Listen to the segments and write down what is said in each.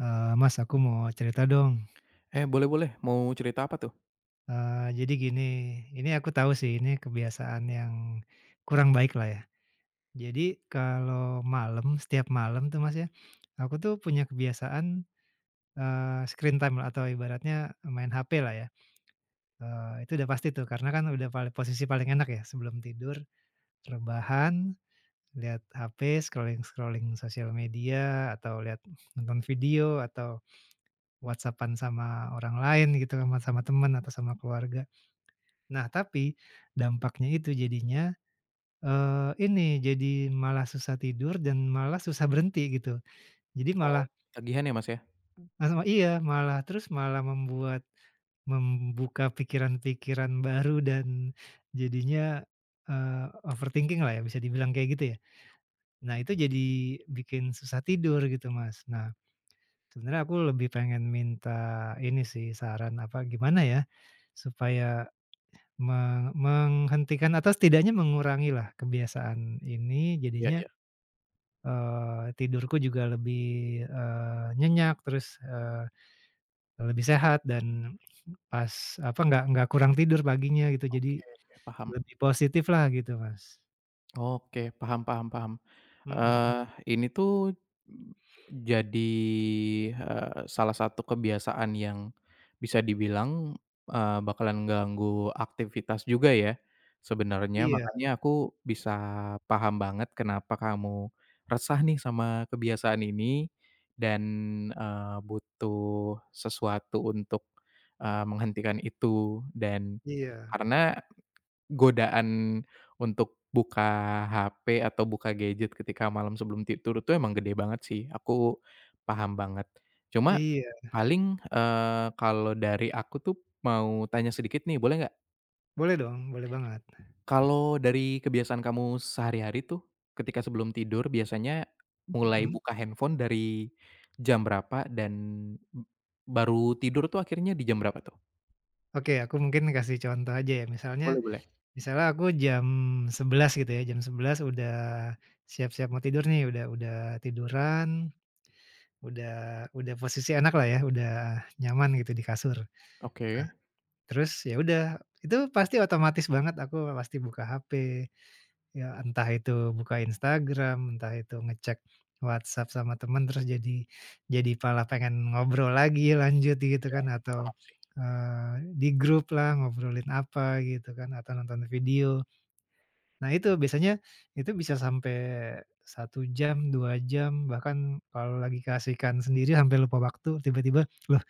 Eee, mas, aku mau cerita dong. Eh boleh boleh mau cerita apa tuh? Eee, jadi gini, ini aku tahu sih, ini kebiasaan yang kurang baik lah ya. Jadi kalau malam, setiap malam tuh mas ya, aku tuh punya kebiasaan, eee, screen time lah atau ibaratnya main hape lah ya. Eee itu udah pasti tuh. Karena kan udah pal posisi paling enak ya sebelum tidur rebahan lihat hape scrolling-scrolling sosial media atau lihat nonton video atau WhatsApp-an sama orang lain gitu sama temen atau sama keluarga. Nah, tapi dampaknya itu jadinya, eee, ini jadi malah susah tidur dan malah susah berhenti gitu. Jadi Oh, malah ketagihan ya mas ya? Masama iya! Malah terus malah membuat membuka pikiran-pikiran baru dan jadinya, eee, overthinking lah ya, bisa dibilang kayak gitu ya. Nah, itu jadi bikin susah tidur gitu Mas. Nah, sebenarnya aku lebih pengen minta ini sih saran apa gimana ya, supaya me menghentikan atau setidaknya mengurangilah kebiasaan ini Iya jadinya, iya. eee, tidurku juga lebih, eee, nyenyak terus, eee, lebih sehat dan pas apa, enggak enggak kurang tidur paginya gitu. Jadi Oke oke, paham. lebih positiflah gitu Mas. Oke, paham paham paham. Mhm. Eee, ini tuh jadi, eee, salah satu kebiasaan yang bisa dibilang, eee, bakalan ganggu aktivitas juga ya sebenernya. Iya. Makanya aku bisa paham banget kenapa kamu resah nih sama kebiasaan ini dan, eee, butuh sesuatu untuk, eee, menghentikan itu. Dan Iya. karena godaan untuk buka HP atau buka gadget ketika malam sebelum tidur itu emang gede banget sih. Aku paham banget. Cuma Iya. paling, eee, kalau dari aku tuh mau tanya sedikit nih boleh nggak? Boleh dong, boleh banget. Kalau dari kebiasaan kamu sehari-hari tuh ketika sebelum tidur biasanya mulai Mhm? buka handphone dari jam berapa dan baru tidur tuh akhirnya di jam berapa tuh? Oke, aku mungkin kasih contoh aja ya. Boleh Misalnya boleh. misalnya aku jam 11.00 gitu ya, jam 11.00 udah siap-siap mau tidur nih, udah udah tiduran, udah udah posisi enaklah ya, udah nyaman gitu di kasur. Nah, Oke. terus ya udah itu pasti otomatis banget, aku pasti buka HP, ya entah itu buka Instagram, entah itu ngecek WhatsApp sama temen, terus jadi jadi malah pengen ngobrol lagi lanjut gitu Iya. kan atau, Paham sih. eee, di gruplah ngobrolin apa gitu kan atau nonton video. Nah itu biasanya itu bisa sampai 1 jam, 2 jam, bahkan kalau lagi keasikan sendiri sampai lupa waktu tiba-tiba, lah,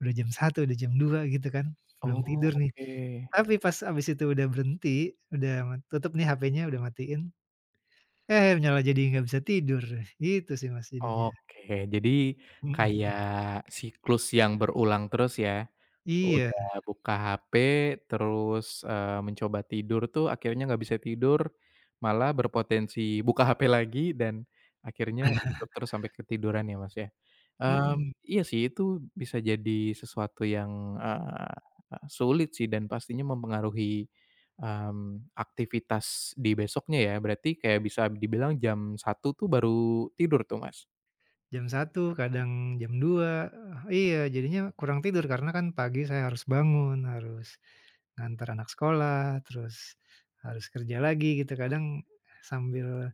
udah jam 1.00, jam 2.; 00 gitu kan, Oh, belum tidur nih. oke. Tapi pas habis itu udah berhenti, udah, eee, tutup nih HP-nya udah matiin, eh malah jadi nggak bisa tidur, gitu sih Mas jadinya. Oke. Jadi Mhm. kayak siklus yang berulang terus ya, Iya. udah buka HP terus, eee, mencoba tidur tuh akhirnya nggak bisa tidur, malah berpotensi buka HP lagi dan akhirnya gitu terus sampai ketiduran ya Mas ya? Mmm, Mhm. iya sih itu bisa jadi sesuatu yang, eee, sulit sih dan pastinya mempengaruhi, mmm, aktivitas di besoknya ya, berarti kayak bisa dibilang jam 1.00 tuh baru tidur tuh Mas? Jam 1 kadang jam 2, eee, iya jadinya kurang tidur karena kan pagi saya harus bangun harus, nganter anak sekolah terus, harus kerja lagi gitu kadang, sambil,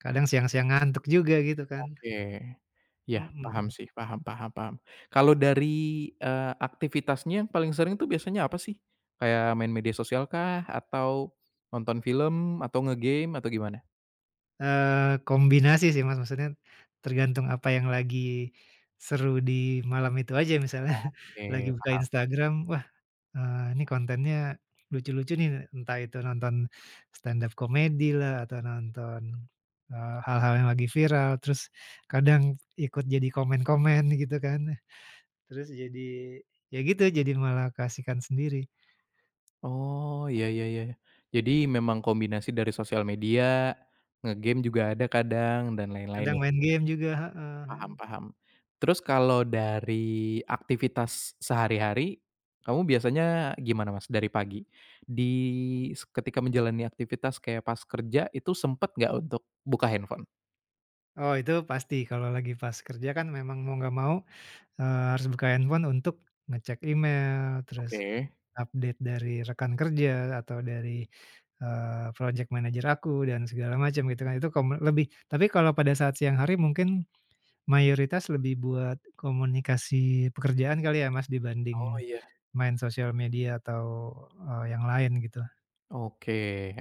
kadang siang-siang ngantuk juga gitu kan. Oke, iya paham Mhm. sih paham paham paham kalau dari, eee, aktivitasnya yang paling sering itu biasanya apa sih? Kayak main media sosialkah? Atau, nonton film atau ngegame atau gimana? Eee, kombinasi sih Mas maksudnya, tergantung apa yang lagi, seru di malam itu aja misalnya, lagi Oke buka paham. Instagram, "Wah, eee, ini kontennya, lucu-lucu nih entah itu nonton, stand-up comedy lah atau nonton, eee, hal-hal yang lagi viral terus, kadang ikut jadi komen-komen gitu kan, terus jadi, ya gitu jadi malah keasikan sendiri. Oh Iya ya ya, jadi memang kombinasi dari sosial media, ngegame juga ada kadang dan lain-lain Kadang ya. main game juga, heeh Paham heeh. paham, terus kalau dari aktivitas sehari-hari, kamu biasanya gimana Mas dari pagi, di se ketika menjalani aktivitas kayak pas kerja itu sempet nggak untuk buka handphone? Oh itu pasti, kalau lagi pas kerja kan memang mau enggak mau, eee, harus buka handphone untuk ngecek email, terus Oke. update dari rekan kerja, atau dari, eee, projek manajer aku dan segala macem gitu kan, itu kome lebih. Tapi kalau pada saat siang hari mungkin mayoritas lebih buat komunikasi pekerjaan kali ya, Mas, Oh. dibanding Iya. main sosial media atau, eee, yang lain gitu. Oke.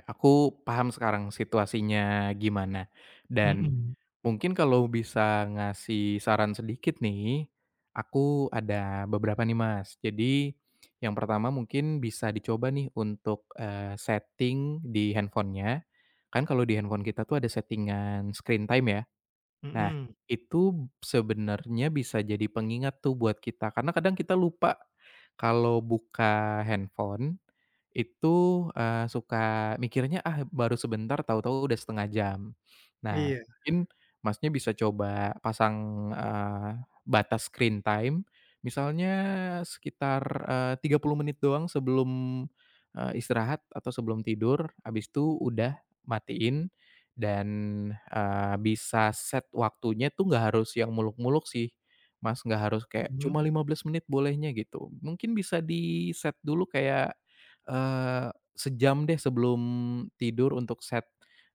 Aku paham sekarang situasinya gimana, dan Mhm. mungkin kalau bisa ngasih saran sedikit nih aku ada beberapa nih, Mas. Jadi yang pertama mungkin bisa dicoba nih untuk, eee, setting di handphone-nya kan kalau di handphone kita tuh ada setting-an screen time ya. Nah, Mhm. itu sebenarnya bisa jadi pengingat tuh buat kita karena kadang kita lupa kalau buka handphone. Itu, eee, suka mikirnya, "Ah baru sebentar tau-tau udah 1/2 jam. Nah Iya. mungkin Masnya bisa coba pasang, eee, batas screen time. Misalnya sekitar, eee, 30 menit doang sebelum, eee, istirahat atau sebelum tidur, abis itu udah, matiin dan, eee, bisa set waktunya itu nggak harus yang muluk-muluk sih, Mas, enggak harus kayak Mhm. cuma 15 menit bolehnya gitu. Mungkin bisa diset dulu kayak, eee, sejam deh sebelum tidur untuk set,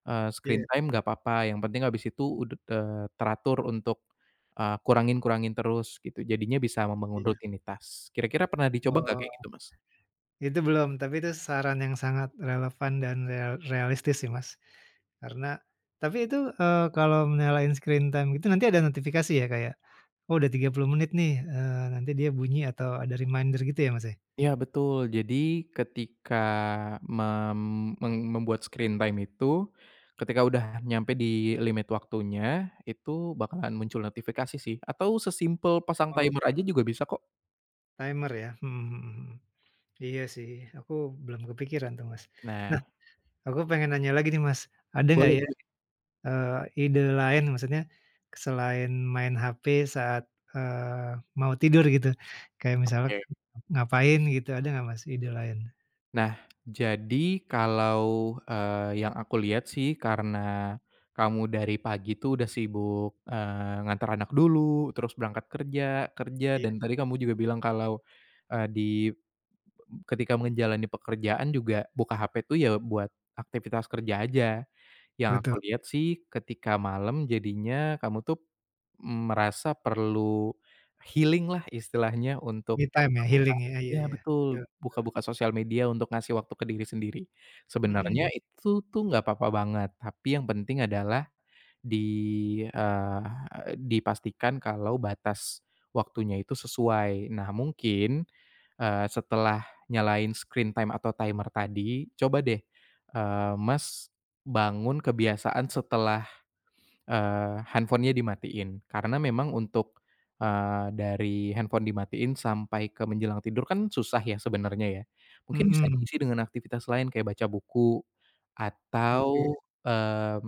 eee, screen Iya. time enggak apa-apa yang penting habis itu ud eee, teratur untuk, eee, kurangin-kurangin terus gitu jadinya bisa membangun Iya. rutinitas. Kira-kira pernah dicoba enggak Wah! kayak gitu, Mas? Itu belum. Tapi itu saran yang sangat relevan dan real realistis sih, Mas, karena tapi itu, eee, kalau nyalain screen time gitu nanti ada notifikasi ya kayak, "Oh udah 30 menit nih." Eee, nanti dia bunyi atau ada reminder gitu ya, Mas, ya? Iya betul. Jadi ketika mem meng membuat screen time itu ketika udah nyampe dilimit waktunya itu bakalan muncul notifikasi sih atau sesimpel pasang timer Oke. aja juga bisa kok. Timer ya? Mhm mhm mhm, iya sih, aku belum kepikiran tuh Mas. Nah. Nah, aku pengen nanya lagi nih Mas, ada enggak Boleh ya, boleh. eee, ide lain maksudnya selain main HP saat, eee, mau tidur gitu. Kayak misalnya Oke. ngap ngapain gitu, ada enggak Mas ide lain? Nah, jadi kalau, eee, yang aku lihat sih karena kamu dari pagi itu udah sibuk, eee, nganter anak dulu terus berangkat kerja, kerja Iya. dan tadi kamu juga bilang kalau, eee, di be ketika menjalani pekerjaan juga buka HP itu ya buat aktivitas kerja aja. Yang aku Betul. lihat sih ketika malam jadinya kamu tuh, mmm, merasa perlu healing lah istilahnya untuk Me time ya buka-buka healing ya? Iya ya iya betul, betul betul. buka-buka sosial media untuk ngasih waktu ke diri sendiri. Sebenernya Mhm. itu tuh enggak papa banget. Tapi yang penting adalah di, eee, dipastikan kalau batas waktunya itu sesuai. Nah mungkin eee, setelah nyalain screen time atau timer tadi coba deh, eee, Mas bangun kebiasaan setelah, eee, handphone-nya dimatiin. Karena memang untuk, eee, dari handphone dimatiin sampai ke menjelang tidur kan susah ya sebenernya ya. Mungkin bisa Mhm. diisi dengan aktivitas lain kayak baca buku Oke. atau, mmm,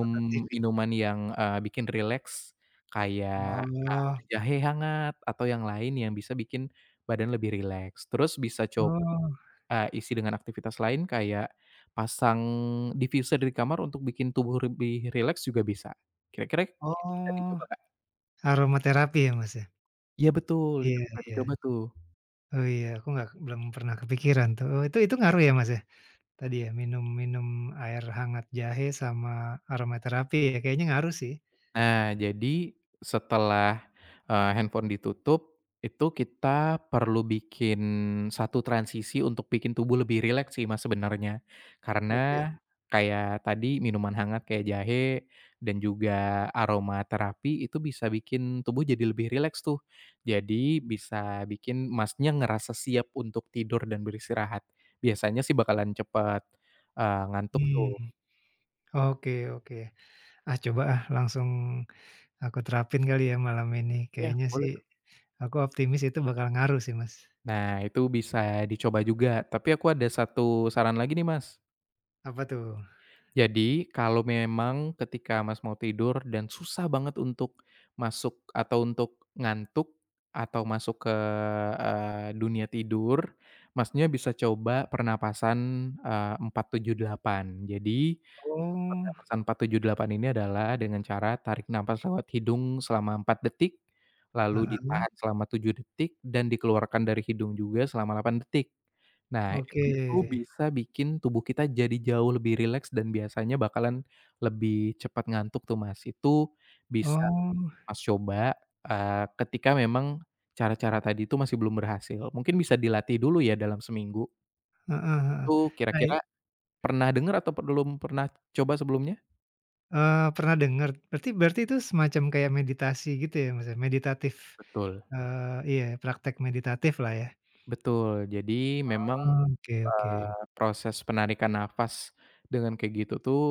Nonton TV. yang, eee, bikin rileks kayak, Oh. eee, jahe hangat atau yang lain yang bisa bikin badan lebih rileks. Terus bisa coba, Oh. eee, isi dengan aktivitas lain kayak pasang diffuser di kamar untuk bikin tubuh lebih rileks juga bisa kira-kira itu bisa Oh, dicoba Kak. aroma terapi ya Mas ya? Iya betul, itu Iya bisa iya. dicoba tuh. Oh iya, aku enggak belum pernah kepikiran tuh. Oh itu itu ngaruh ya, Mas ya? Tadi ya, minum minum air hangat jahe sama aroma terapi, ya kayaknya ngaruh sih. Nah, jadi setelah, eee, handphone ditutup itu kita perlu bikin satu transisi untuk bikin tubuh lebih rileks sih Mas sebenernya. Oke. Karena kayak tadi minuman hangat kayak jahe dan juga aroma terapi itu bisa bikin tubuh jadi lebih rileks tuh. Jadi bisa bikin Masnya ngerasa siap untuk tidur dan beristirahat. Biasanya sih bakalan cepat, eee, ngantuk Hmm. tuh. Oke oke. Ah, coba ah langsung aku terapin kali ya malam ini. Iya, Kayaknya boleh sih kok. aku optimis itu bakal ngaruh sih, Mas. Nah, itu bisa dicoba juga. Tapi aku ada 1 saran lagi nih, Mas. Apa tuh? Jadi, kalau memang ketika Mas mau tidur dan susah banget untuk masuk atau untuk ngantuk atau masuk ke, eee, dunia tidur, Masnya bisa coba pernapasan, eee, 4-7-8. Jadi Oh. pernafasan 4-7-8 ini adalah dengan cara tarik nafas lewat hidung selama 4 detik, lalu Heeh. ditahan selama 7 detik dan dikeluarkan dari hidung juga selama 8 detik. Nah Oke. itu tuh bisa bikin tubuh kita jadi jauh lebih rileks dan biasanya bakalan lebih cepet ngantuk tuh, Mas. Itu bisa Oh. Mas coba, eee, ketika memang cara-cara tadi itu masih belum berhasil, mungkin bisa dilatih dulu ya dalam seminggu. Heeh heeh, Itu nah i kira-kira pernah denger atau belum pernah coba sebelumnya? Eee, pernah dengar, berarti berarti itu semacam kayak meditasi gitu ya? Maksudnya meditatif, Betul. eee, iya, praktek meditatiflah ya? Betul, jadi memang, Oh oke oke. eee, proses penarikan nafas dengan kayak gitu tuh,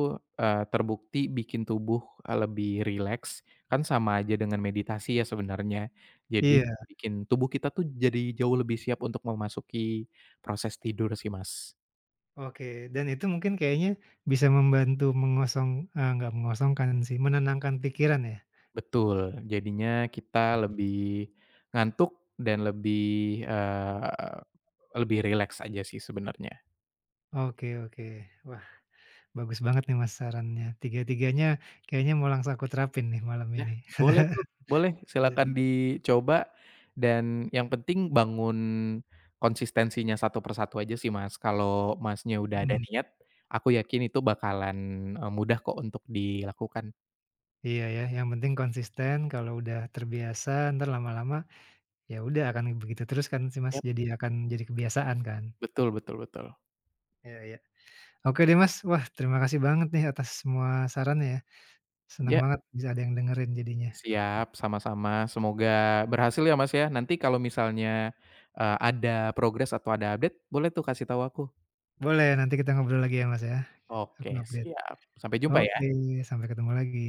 eee terbukti bikin tubuh, eee, lebih rileks, kan sama aja dengan meditasi ya sebenarnya. Jadi Iya. sa bikin tubuh kita tuh jadi jauh lebih siap untuk memasuki proses tidur sih Mas. Oke, dan itu mungkin kayaknya bisa membantu mengosong eee nggak mengosongkan sih, menenangkan pikiran ya? Betul, jadinya kita lebih ngantuk dan lebih, eee, lebih rileks aja sih sebenarnya. Oke oke. Wah, bagus banget nih Mas, sarannya. Tiga-tiganya, kayaknya mau langsung aku terapin nih malam Ya, ini. boleh tuh, boleh, Iya. silahkan dicoba dan yang penting bangun konsistensinya satu per satu aja sih Mas. Kalau Masnya udah ada Hmm. niat, aku yakin itu bakalan, eee, mudah kok untuk dilakukan. Iya ya, yang penting konsisten, kalau udah terbiasa, entar lama-lama, ya udah akan begitu terus kan sih Mas, Yap. jadi akan, jadi kebiasaan kan? Betul betul betul. Iya iya. Oke deh Mas, wah, terima kasih banget nih atas semua sarannya ya. Senang Ya. banget bisa ada yang dengerin jadinya. Siap, sama-sama, semoga berhasil ya Mas ya. Nanti kalau misalnya, eee ada progres atau ada update, boleh tuh kasih tahu aku. Boleh, nanti kita ngobrol lagi ya Mas ya, aku Oke update. siap, sampai jumpa Oke, ya. sampai ketemu lagi.